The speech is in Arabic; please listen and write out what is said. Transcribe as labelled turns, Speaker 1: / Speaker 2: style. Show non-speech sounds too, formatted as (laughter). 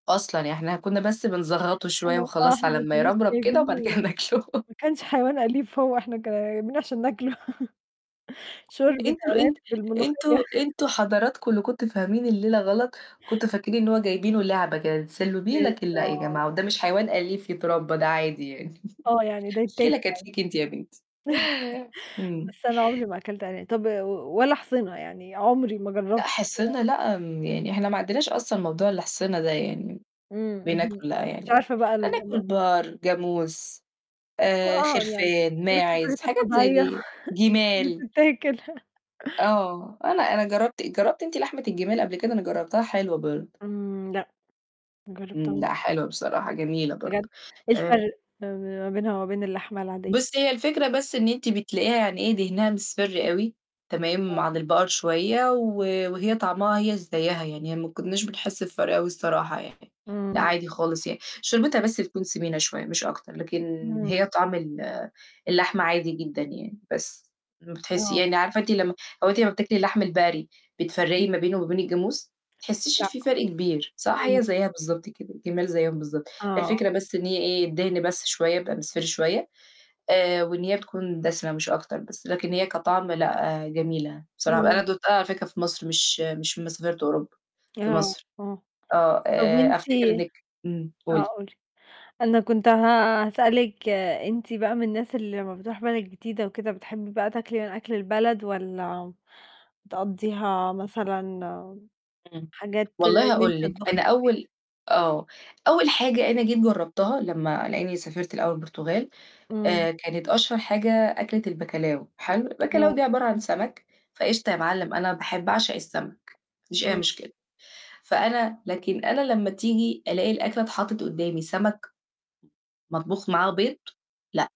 Speaker 1: أصلًا ي إحنا كنّا بس بنزغّطه شوية
Speaker 2: إحنا آه،
Speaker 1: وخلاص
Speaker 2: إحنا
Speaker 1: على
Speaker 2: ما
Speaker 1: أمّا
Speaker 2: كنّاش
Speaker 1: يربرب كده وبعد كده
Speaker 2: جايبينه
Speaker 1: ناكله.
Speaker 2: ما كانش حيوان أليف هو إحنا جايبينه عشان ناكله (chuckles)
Speaker 1: طَب
Speaker 2: شوربة
Speaker 1: أنتم
Speaker 2: أرانب
Speaker 1: أنت أنتم
Speaker 2: بالملوخية. (chuckles)
Speaker 1: أنتم حضراتكم اللي كنتم فاهمين الليلة غلط، كنتوا فاكرين إن هو جايبينه لعبة كده تتسلّوه بيه، لكن لأ، يا
Speaker 2: بالضبط.
Speaker 1: جماعة وده مش حيوان أليف يتربّى ده عادي يعني.
Speaker 2: آه، يعني
Speaker 1: (chuckles)
Speaker 2: ده يتّاكل (unintelligible)
Speaker 1: المشكلة كانت فيكِ أنتِ يا بنتي.
Speaker 2: (chuckles)
Speaker 1: إمم.
Speaker 2: بس أنا عُمري ما أكلت أران طَب و ولا أحصِنة يعني عُمري ما جرّبت
Speaker 1: لأ حصِنة
Speaker 2: (unintelligible)
Speaker 1: لأ، م يعني إحنا ما عندناش أصلًا موضوع الأحصِنة ده يعني،
Speaker 2: إمم، اهم،
Speaker 1: بناكله لأ
Speaker 2: مش
Speaker 1: يعني،
Speaker 2: عارفة بقى ال
Speaker 1: هناكُل
Speaker 2: (unintelligible)
Speaker 1: بقر، جاموس آآ،
Speaker 2: (unintelligible) يعني
Speaker 1: خِرفان،
Speaker 2: بياكُل
Speaker 1: ماعِز
Speaker 2: الحاجات
Speaker 1: حاجات زي
Speaker 2: الطبيعية
Speaker 1: دي،
Speaker 2: (chuckles) مش من اللي
Speaker 1: جِمال.
Speaker 2: بتتاكل. (chuckles)
Speaker 1: آه، أنا أنا جرّبت جرّبتِ أنتِ لحمة الجِمال قبل كده؟ أنا جرّبتها حلوة برضه.
Speaker 2: إمم، لأ. ما
Speaker 1: إمم،
Speaker 2: جرّبتهاش.
Speaker 1: لأ، حلوة بصراحة جميلة
Speaker 2: بجد؟
Speaker 1: برضه.
Speaker 2: إيه
Speaker 1: آمم
Speaker 2: الفرق ما بينها وما بين اللحمة العادية؟
Speaker 1: بُصّي هي الفكرة بس إن أنتِ بتلاقيها يعني إيه دِهنها مصفِر أوي تمام،
Speaker 2: آه.
Speaker 1: عن البقر شوية، و وهي طعمها هي زيّها يعني ما كنّاش بنحس بفَرق أوي الصراحة، يعني، لأ
Speaker 2: إمم.
Speaker 1: عادي خالص يعني شوربتها بس بتكون سِمينة شوية مش أكتر، لكن
Speaker 2: إمم.
Speaker 1: هي طعم ال اللحمة عادي جدًا يعني، بس ما بتحسّي
Speaker 2: آه.
Speaker 1: يعني عارفة أنتِ لمّا هو أنتِ لمّا بتاكلي اللحم البقري بتفرّقي
Speaker 2: إمم.
Speaker 1: ما بينه وما بين الجاموس؟ ما بتحسّيش إن
Speaker 2: لأ.
Speaker 1: في فرق كبير صح؟
Speaker 2: إمم.
Speaker 1: هي زيّها بالضبط كده، الجِمال زيّهم بالضبط،
Speaker 2: آه.
Speaker 1: الفكرة بس إن هي إيه الدِهن بس شوية يبقى مصفِر شوية آآ، وإن هي تكون دَسِمة مش أكتر، بس لكن هي كطعم لأ، جميلة بصراحة ب أنا
Speaker 2: إمم.
Speaker 1: دوقتها على فكرة في مصر مش مش لمّا سافرت أوروبا، في
Speaker 2: آه،
Speaker 1: مصر،
Speaker 2: آه،
Speaker 1: آه،
Speaker 2: طَب
Speaker 1: آآ،
Speaker 2: وأنتِ
Speaker 1: أفتكر إنِّك إمم،
Speaker 2: آه،
Speaker 1: قولي.
Speaker 2: قولي. أنا كنت ه هاسألِك أنتِ بقى من الناس اللي لمّا بتروح بلد جديدة وكده بتحبّي بقى تاكلي من أكل البلد، والّا بتقضّيها مثلًا م
Speaker 1: إمم،
Speaker 2: حاجات
Speaker 1: والله
Speaker 2: إن أنتِ
Speaker 1: هاقول لِك
Speaker 2: تطبخي
Speaker 1: أنا
Speaker 2: في البيت؟
Speaker 1: أول آه، أول حاجة أنا جيت جرّبتها لمّا لإنّي سافرت لأول البرتغال،
Speaker 2: إمم.
Speaker 1: آآ، كانت أشهر حاجة أكلة الBacalhau حلو
Speaker 2: آه.
Speaker 1: الBacalhau دي عبارة عن سمك فقشطة يا مِعلّم أنا باح باعشق السمك، ما فيش أي
Speaker 2: آه.
Speaker 1: مشكلة، فأنا لكن أنا لمّا تيجي ألاقي الأكلة اتحطّت قدّامي سمك م مطبوخ معاه بيض، لأ.